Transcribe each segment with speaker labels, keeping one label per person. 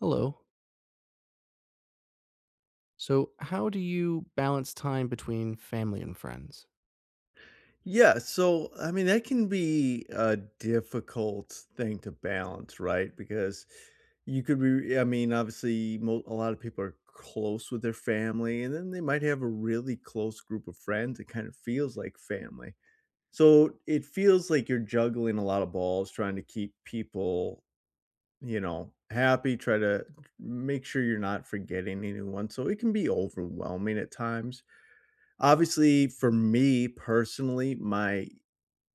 Speaker 1: Hello. So, how do you balance time between family and friends?
Speaker 2: Yeah, so, I mean, that can be a difficult thing to balance, right? Because you could be I mean, obviously, mo a lot of people are close with their family, and then they might have a really close group of friends. It kind of feels like family. So, it feels like you're juggling a lot of balls trying to keep people, you know, happy. Try to make sure you're not forgetting anyone. So, it can be overwhelming at times. Obviously, for me, personally, my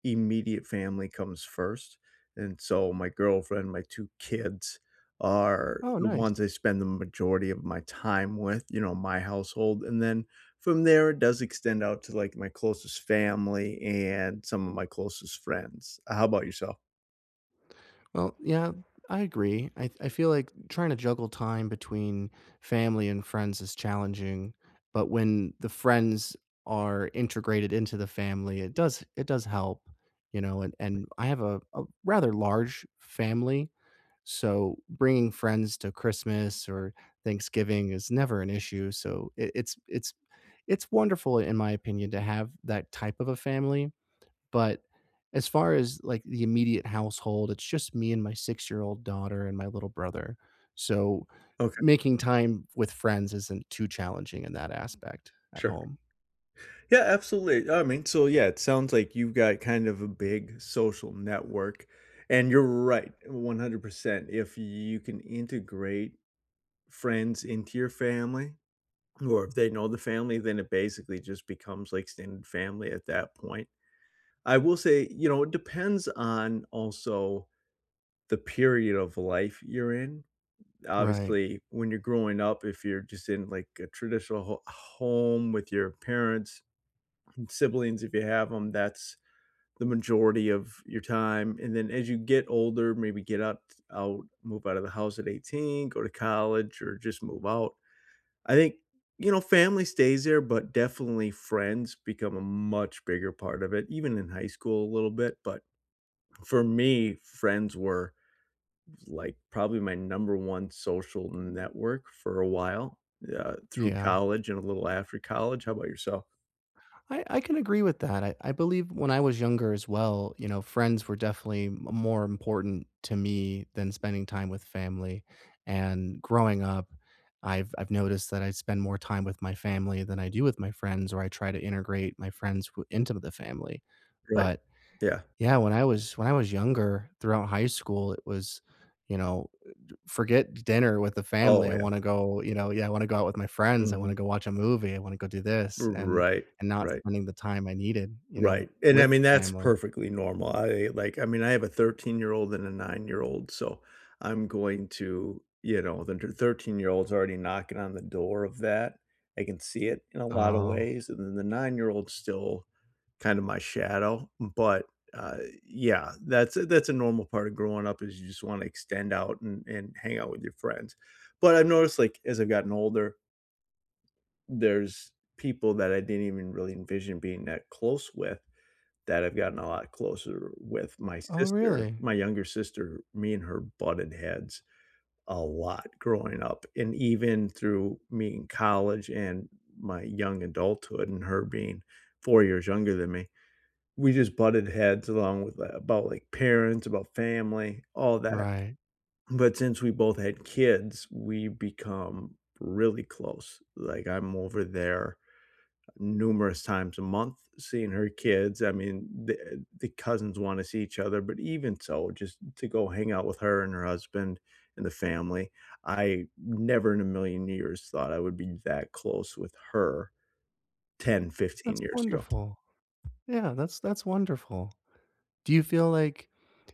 Speaker 2: immediate family comes first. And so, my girlfriend, my 2 kids, are
Speaker 1: Oh,
Speaker 2: the ones
Speaker 1: nice.
Speaker 2: I spend the majority of my time with, you know, my household. And then from there, it does extend out to, like, my closest family and some of my closest friends. Uh, how 'bout yourself?
Speaker 1: Well, yeah, I agree. I I feel like trying to juggle time between family and friends is challenging, but when the friends are integrated into the family, it does it does help. You know? And and I have a a rather large family, so bringing friends to Christmas or Thanksgiving is never an issue. So, it it's it's it's wonderful in my opinion to have that type of a family. But as far as, like, the immediate household, it's just me and my six-year-old daughter and my little brother. So,
Speaker 2: Okay.
Speaker 1: making time with friends isn't too challenging in that aspect at
Speaker 2: Sure.
Speaker 1: home.
Speaker 2: Yeah, absolutely. I mean, so, yeah, it sounds like you've got kind of a big social network, and you're right, 100%. If you can integrate friends into your family, or if they know the family, then it basically just becomes like extended family at that point. I will say, you know, it depends on also the period of life you're in.
Speaker 1: Right.
Speaker 2: Obviously, when you're growing up, if you're just in, like, a traditional ho home with your parents and siblings, if you have 'em, that's the majority of your time. And then as you get older, maybe get up t out move out of the house at 18, go to college, or just move out. I think, you know, family stays there, but definitely friends become a much bigger part of it, even in high school a little bit. But for me, friends were, like, probably my number 1 social network for a while, uh, through
Speaker 1: Yeah.
Speaker 2: college and a little after college. How 'bout yourself?
Speaker 1: I I can agree with that, I I believe when I was younger, as well, you know, friends were definitely m more important to me than spending time with family. And growing up, I've I've noticed that I spend more time with my family than I do with my friends, or I try to integrate my friends w into the family.
Speaker 2: Right.
Speaker 1: But,
Speaker 2: Yeah.
Speaker 1: yeah, when I was when I was younger, throughout high school, it was, you know, eh, j forget dinner with the family,
Speaker 2: Oh,
Speaker 1: I
Speaker 2: yeah.
Speaker 1: wanna go, you know, yeah, I wanna go out with my friends, I wanna
Speaker 2: Mhm.
Speaker 1: go watch a movie, I wanna go do
Speaker 2: R
Speaker 1: this, and
Speaker 2: Right,
Speaker 1: and not
Speaker 2: right.
Speaker 1: spending the time I needed, you know,
Speaker 2: Right, and, I
Speaker 1: with
Speaker 2: mean, that's
Speaker 1: family.
Speaker 2: perfectly normal. I, like, I mean, I have a thirteen-year-old and a nine-year-old, so I'm going to, you know then tur thirteen-year-old's already knocking on the door of that. I can see it, in a lotta
Speaker 1: Oh.
Speaker 2: ways, and then the nine-year-old's still kinda my shadow. But, uh, yeah, that's a that's a normal part of growing up, is you just wanna extend out and and hang out with your friends. But I've noticed, like, as I've gotten older there's people that I didn't even really envision being that close with that I've gotten a lot closer with. My
Speaker 1: Oh,
Speaker 2: sister,
Speaker 1: really?
Speaker 2: my younger sister, me and her butted heads a lot growing up. And even through me in college and my young adulthood and her being 4 years younger than me, we just butted heads along with that about, like, parents, about family, all that.
Speaker 1: Right.
Speaker 2: But since we both had kids, we’ve become really close. Like, I'm over there numerous times a month seeing her kids, I mean, the the cousins wanna see each other, but even so, just to go hang out with her and her husband and the family. I never in a million years thought I would be that close with her 10, 15
Speaker 1: That's
Speaker 2: years ago.
Speaker 1: wonderful. Yeah, that's that's wonderful. Do you feel like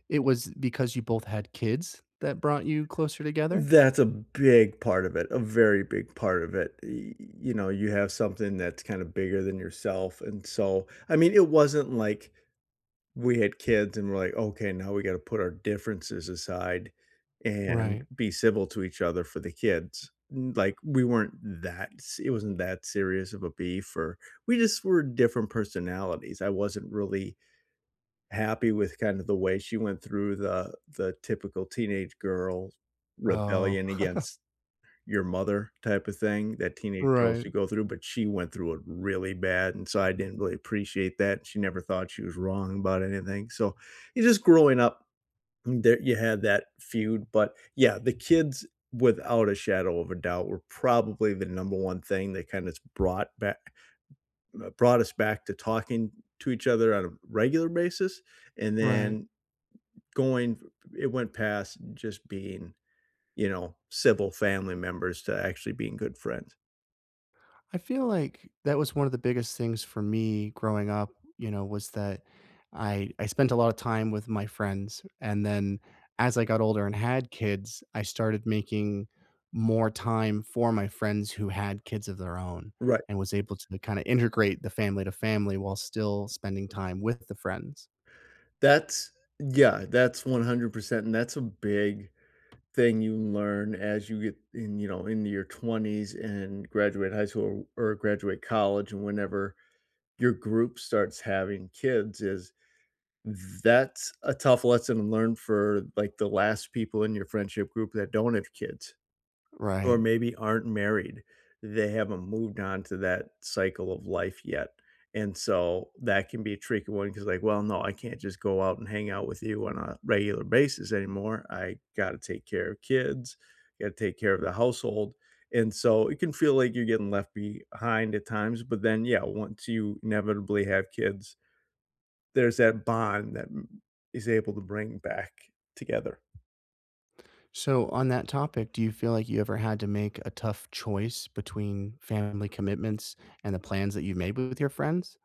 Speaker 1: it was because you both had kids that brought you closer together?
Speaker 2: That's a big part of it. A very big part of it. Y you know, you have something that's kinda bigger than yourself, and so I mean, it wasn't like we had kids and we're, like, "Okay, now we gotta put our differences aside, and
Speaker 1: Right.
Speaker 2: be civil to each other for the kids." Mm like, we weren't that s it wasn't that serious of a beef or we just were different personalities. I wasn't really happy with kind of the way she went through the the typical teenage girl
Speaker 1: Oh.
Speaker 2: rebellion against your mother type of thing that teenage girls
Speaker 1: Right.
Speaker 2: should go through, but she went through it really bad, and so, I didn't really appreciate that, and she never thought she was wrong about anything. So, you just growing up there you had that feud, but, yeah, the kids, without a shadow of a doubt, were probably the number 1 thing that kind of brought back ma brought us back to talking to each other on a regular basis. And
Speaker 1: Right.
Speaker 2: then going it went past just being, you know, civil family members to actually being good friends.
Speaker 1: I feel like that was one of the biggest things for me growing up, you know, was that I I spent a lot of time with my friends. And then, as I got older and had kids, I started making more time for my friends who had kids of their own
Speaker 2: Right.
Speaker 1: and was able to kinda integrate the family to family while still spending time with the friends.
Speaker 2: That's, yeah, that's 100%, and that's a big thing you learn as you get in, you know, into your 20s and graduate high school or graduate college and whenever your group starts having kids is that's a tough lesson learned for, like, the last people in your friendship group that don't have kids, or
Speaker 1: Right.
Speaker 2: maybe aren't married. They haven't moved on to that cycle of life yet, and so that can be a tricky one 'cause, like, "Well, no, I can't just go out and hang out with you on a regular basis anymore. I gotta take care of kids, gotta take care of the household." And so, it can feel like you're getting left behind at times, but then, yeah, once you inevitably have kids there's that bond that, m is able to bring back together.
Speaker 1: So, on that topic, do you feel like you ever had to make a tough choice between family commitments and the plans that you made with your friends?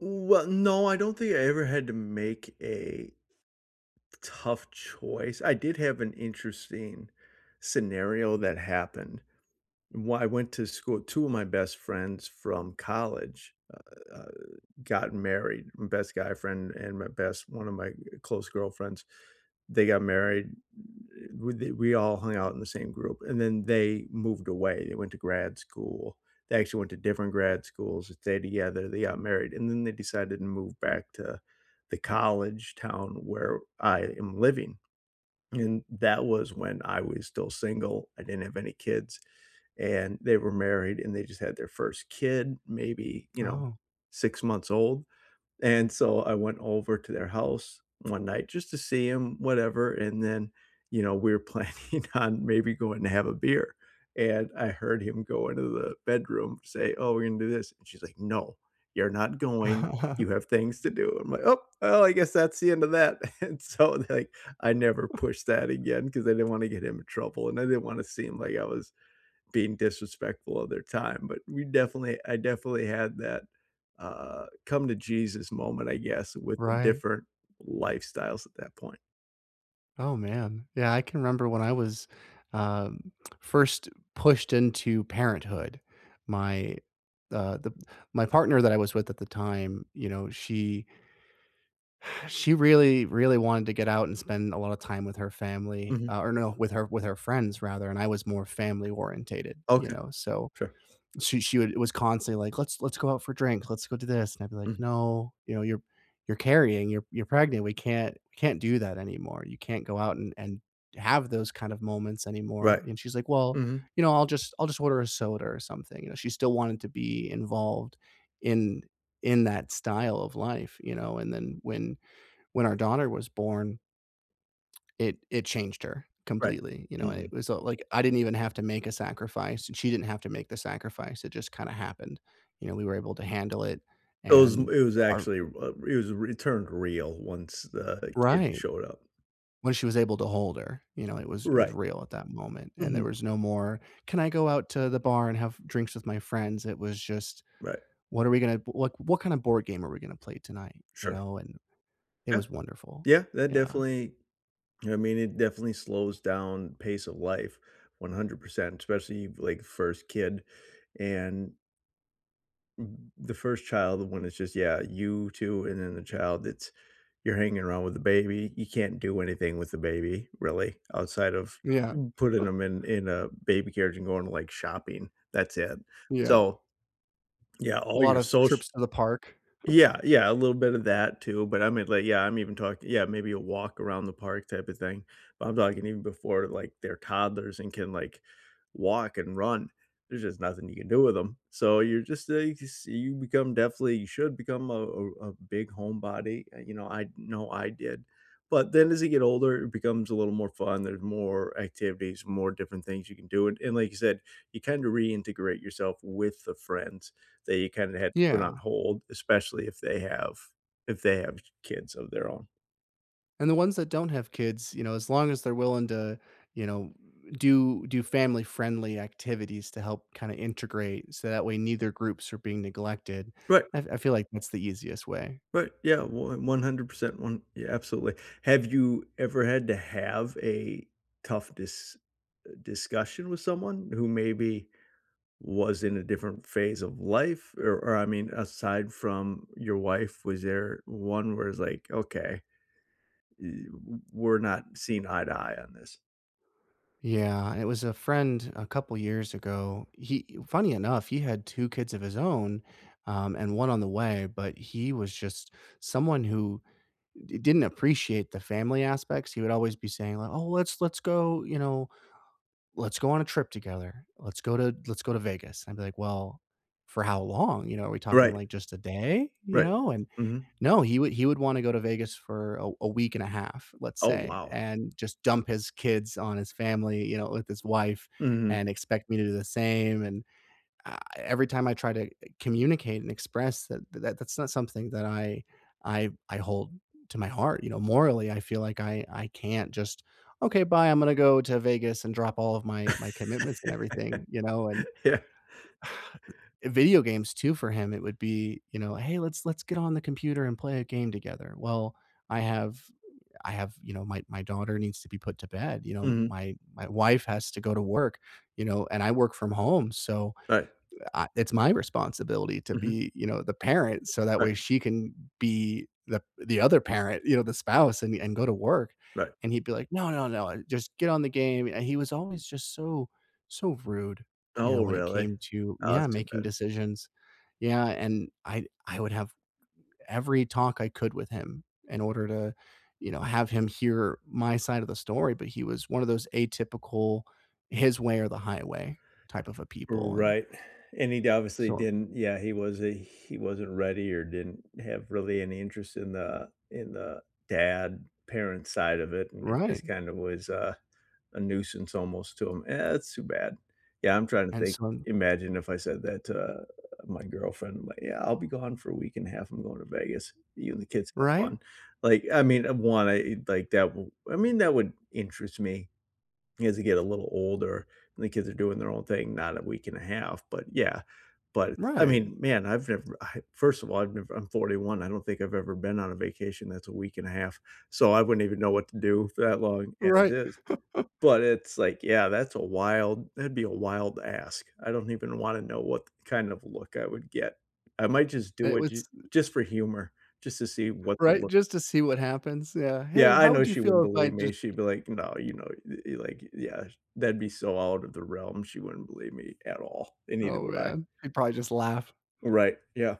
Speaker 2: Well, no, I don't think I ever had to make a tough choice. I did have an interesting scenario that happened. When I went to school, 2 of my best friends from college, uh uh, got married. My best guy friend and my best one of my, uh, close girlfriends, they got married. W d we all hung out in the same group, and then they moved away, they went to grad school. They actually went to different grad schools. They stayed together, they got married, and then they decided to move back to the college town where I am living. And that was when I was still single, I didn't have any kids. And they were married, and they just had their 1st kid, maybe, you know,
Speaker 1: Oh.
Speaker 2: 6 months old. And so I went over to their house one night just to see him, whatever, and then, you know, we're planning on maybe going to have a beer. And I heard him go into the bedroom, say, "Oh, we're gonna do this." And she's like, "No, you're not going. You have things to do." I'm like, "Ope. Oh, I guess that's the end of that." And so they're like I never pushed that again 'cause I didn't wanna get him into trouble, and I didn't wanna seem like I was being disrespectful of their time. But we definitely I definitely had that, uh, come-to-Jesus moment, I guess, with
Speaker 1: Right.
Speaker 2: different lifestyles at that point.
Speaker 1: Oh, man. Yeah, I can remember when I was, um, first pushed into parenthood. My the the my partner that I was with at the time, you know, she she really, really wanted to get out and spend a lot of time with her family,
Speaker 2: Mhm.
Speaker 1: ah, or no, with her with her friends rather, and I was more family orientated, you
Speaker 2: Okay.
Speaker 1: know, so,
Speaker 2: Sure.
Speaker 1: she she would it was constantly like, "Let's let's go out for drink. Let's go do this." And I'd be like,
Speaker 2: Mhm.
Speaker 1: "No, you know, you're you're carrying, you're you're pregnant. We can't can't do that anymore. You can't go out and and have those kind of moments anymore."
Speaker 2: Right.
Speaker 1: And she's like, "Well,
Speaker 2: Mhm.
Speaker 1: you know, I'll just I'll just order a soda or something." You know? She still wanted to be involved in in that style of life, you know? And then when when our daughter was born it it changed her
Speaker 2: Right.
Speaker 1: completely, you know? And it
Speaker 2: Mhm.
Speaker 1: was, uh, like, I didn't even have to make a sacrifice, and she didn't have to make the sacrifice. It just kinda happened. You know, we were able to handle it,
Speaker 2: Those it was
Speaker 1: and
Speaker 2: it was
Speaker 1: our
Speaker 2: actually, uh, it was r it turned real once the kid
Speaker 1: Right.
Speaker 2: showed up.
Speaker 1: When she was able to hold her, you know, it was it was
Speaker 2: Right.
Speaker 1: real at that moment. And there
Speaker 2: Mhm.
Speaker 1: was no more, “Can I go out to the bar and have drinks with my friends?" It was just,
Speaker 2: Right.
Speaker 1: "What are we gonna w like, what kind of board game are we gonna play tonight?" You
Speaker 2: Sure.
Speaker 1: know? And it
Speaker 2: Yeah.
Speaker 1: was wonderful.
Speaker 2: Yeah. That
Speaker 1: Yeah.
Speaker 2: definitely I mean, it definitely slows down pace of life 100%, especially, like, 1st kid. And m the 1st child, the one that's just yeah, you too, and then the child it's you're hanging around with the baby. You can't do anything with the baby, really, outside of
Speaker 1: Yeah.
Speaker 2: putting ‘em in in a baby carriage and going to, like, shopping. That's it.
Speaker 1: Yeah.
Speaker 2: So, yeah,
Speaker 1: A
Speaker 2: all
Speaker 1: lot
Speaker 2: your
Speaker 1: of
Speaker 2: soc
Speaker 1: trips to the park.
Speaker 2: yeah, yeah, a little bit of that too. But I mean, like, yeah, I'm even talk yeah, maybe a walk around the park type of thing. But I'm talking even before, like, they're toddlers and can, like, walk and run, there's just nothing you can do with ‘em. So, you're just, eh, you can see you become definitely you should become a a a big homebody, eh, you know, I know I did. But then, as you get older, it becomes a little more fun. There's more activities, more different things you can do, and and, like you said, you kinda reintegrate yourself with the friends that you kinda had put on
Speaker 1: Yeah.
Speaker 2: hold, especially if they have if they have k kids of their own.
Speaker 1: And the ones that don't have kids, you know, as long as they're willing to, you know, do do family friendly activities to help kinda integrate so that way neither groups are being neglected,
Speaker 2: Right.
Speaker 1: I f I feel like that's the easiest way.
Speaker 2: But, yeah, one 100%, one yeah, absolutely. Have you ever had to have a tough dis uh, discussion with someone who maybe was in a different phase of life? Or or, I mean, aside from your wife, was there one where it's like, "Okay, ye w we're not seeing eye to eye on this?
Speaker 1: Yeah, it was a friend a couple years ago. He funny enough, he had 2 kids of his own, um, and 1 on the way, but he was just someone who, d didn't appreciate the family aspects. He would always be saying li "Oh, let's let's go, you know, let's go on a trip together, let's go to let's go to Vegas," I'd be like, "Well, for how long? You know, are we talking,
Speaker 2: Right.
Speaker 1: like, just a day?" You
Speaker 2: Right.
Speaker 1: know? And
Speaker 2: Mhm.
Speaker 1: no, he would he would wanna go to Vegas for a a week and a half, let's
Speaker 2: Oh,
Speaker 1: say,
Speaker 2: wow.
Speaker 1: and just dump his kids on his family, you know, with his wife
Speaker 2: Mhm.
Speaker 1: and expect me to do the same, and, uh, every time I try to, uh, communicate and express that, that that's not something that I I I hold to my heart, you know, morally, I feel like I I can't just, "Okay, bye, I'm gonna go to Vegas and drop all of my my commitments and everything," you know, and
Speaker 2: Yeah.
Speaker 1: video games too for him it would be, you know, "Hey, let's let's get on the computer, and play a game together." Well, I have I have, you know, my my daughter needs to be put to bed, you know,
Speaker 2: Mhm.
Speaker 1: my my wife has to go to work, you know, and I work from home, so,
Speaker 2: Right.
Speaker 1: I It's my responsibility to
Speaker 2: Mhm.
Speaker 1: be, you know, the parent so that way
Speaker 2: Right.
Speaker 1: she can be the the other parent, you know, the spouse and and go to work.
Speaker 2: Right.
Speaker 1: And he'd be like, "No, no, no, uh, just get on the game," and he was always just so so rude, you know,
Speaker 2: Oh,
Speaker 1: when it
Speaker 2: really?
Speaker 1: came to
Speaker 2: Oh, that's
Speaker 1: Yeah,
Speaker 2: too
Speaker 1: making
Speaker 2: bad.
Speaker 1: decisions, yeah, and I I would have every talk I could with him in order to, you know, have him hear my side of the story, but he was one of those atypical, his way or the highway, type of a people, and
Speaker 2: Right, and he'd obviously
Speaker 1: so
Speaker 2: didn't Yeah, he was a he wasn't ready, or didn't have really any interest in the in the, dad, parent side of it, and it just
Speaker 1: Right.
Speaker 2: kind of was a a nuisance almost to him. Eh, that’s too bad. Yeah, I'm trying to
Speaker 1: And
Speaker 2: think
Speaker 1: son.
Speaker 2: imagine if I said that to, uh, my girlfriend, like, "Yeah, I'll be gone for a week and a half, I'm going to Vegas. You and the kids have fun."
Speaker 1: Right?
Speaker 2: Like, I mean, uh, one I e like, that wou I mean, that would interest me. As you get a little older, and the kids are doing their own thing, not a week and a half, but, yeah. But, I
Speaker 1: Right.
Speaker 2: mean, man, I've never I first of all, I've never I'm 41, I don't think I've ever been on a vacation that's a week and a half, so I wouldn't even know what to do for that long as
Speaker 1: Right.
Speaker 2: is. But it's, like, yeah, that's a wild that'd be a wild ask. I don't even wanna know what th kind of look I would get. I might just do
Speaker 1: It
Speaker 2: it j
Speaker 1: was
Speaker 2: just for humor, just to see what the
Speaker 1: Right.
Speaker 2: look
Speaker 1: Just to see what happens. Yeah. "Hey,
Speaker 2: Yeah,
Speaker 1: wa
Speaker 2: I
Speaker 1: How
Speaker 2: know
Speaker 1: would you
Speaker 2: she
Speaker 1: feel
Speaker 2: wouldn't
Speaker 1: if I
Speaker 2: believe
Speaker 1: just"
Speaker 2: me, she'd be like, "No," you know, th i like i Yeah. That'd be so out of the realm, she wouldn't believe me at all, and neither
Speaker 1: Oh,
Speaker 2: would I.
Speaker 1: man. He'd probably just laugh.
Speaker 2: Right, yeah.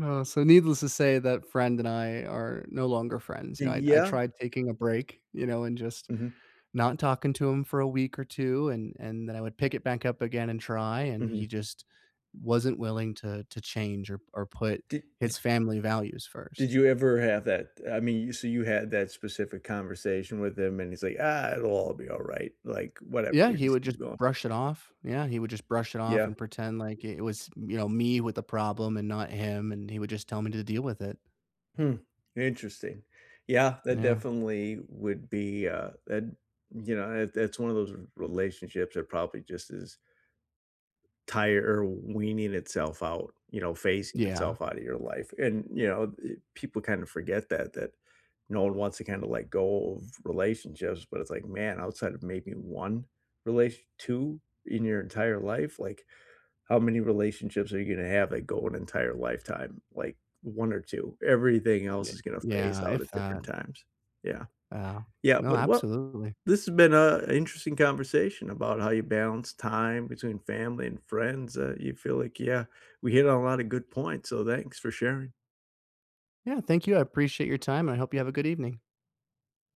Speaker 1: Oh, so needless to say, that friend and I are no longer friends. You
Speaker 2: Y
Speaker 1: know, I I
Speaker 2: Yeah.
Speaker 1: tried taking a break, you know, and just
Speaker 2: Mhm.
Speaker 1: not talking to him for a week or 2, and and then I would pick it back up again and try, and he
Speaker 2: Mhm.
Speaker 1: just wasn't willing to to change, or or put
Speaker 2: Di d
Speaker 1: his family values 1st.
Speaker 2: did you ever have that eh, I mean, you so you had that specific conversation with him, and he's like, "Ah, it'll all be alright. Like, whatever,
Speaker 1: Yeah,
Speaker 2: we
Speaker 1: he
Speaker 2: just
Speaker 1: would
Speaker 2: keep
Speaker 1: just
Speaker 2: going."
Speaker 1: brush it off. Yeah, he would just brush it off
Speaker 2: Yeah.
Speaker 1: and pretend like i it was, you know, me with the problem and not him, and he would just tell me to deal with it.
Speaker 2: Hmm. Interesting. Yeah, that
Speaker 1: Yeah.
Speaker 2: definitely would be, uh, tha you know, it that's one of those r relationships that probably just is tire or weaning itself out, you know, phasing
Speaker 1: Yeah.
Speaker 2: itself out of your life. And, you know, eh, people kinda forget that that no one wants to kinda let go of relationships, but it's like, man, outside of maybe 1 relat 2 in your entire life, like, how many relationships are you gonna have that go an entire lifetime? Like, 1 or 2? Everything else
Speaker 1: Ye
Speaker 2: is gonna phase
Speaker 1: yeah,
Speaker 2: out at
Speaker 1: if that.
Speaker 2: different times. Yeah.
Speaker 1: Yeah.
Speaker 2: Yeah.
Speaker 1: No,
Speaker 2: But what
Speaker 1: absolutely.
Speaker 2: this has been a interesting conversation about how you balance time between family and friends. Uh, you feel like yeah, we hit on a lot of good points, so thanks for sharing.
Speaker 1: Yeah, thank you. I appreciate your time, and I hope you have a good evening.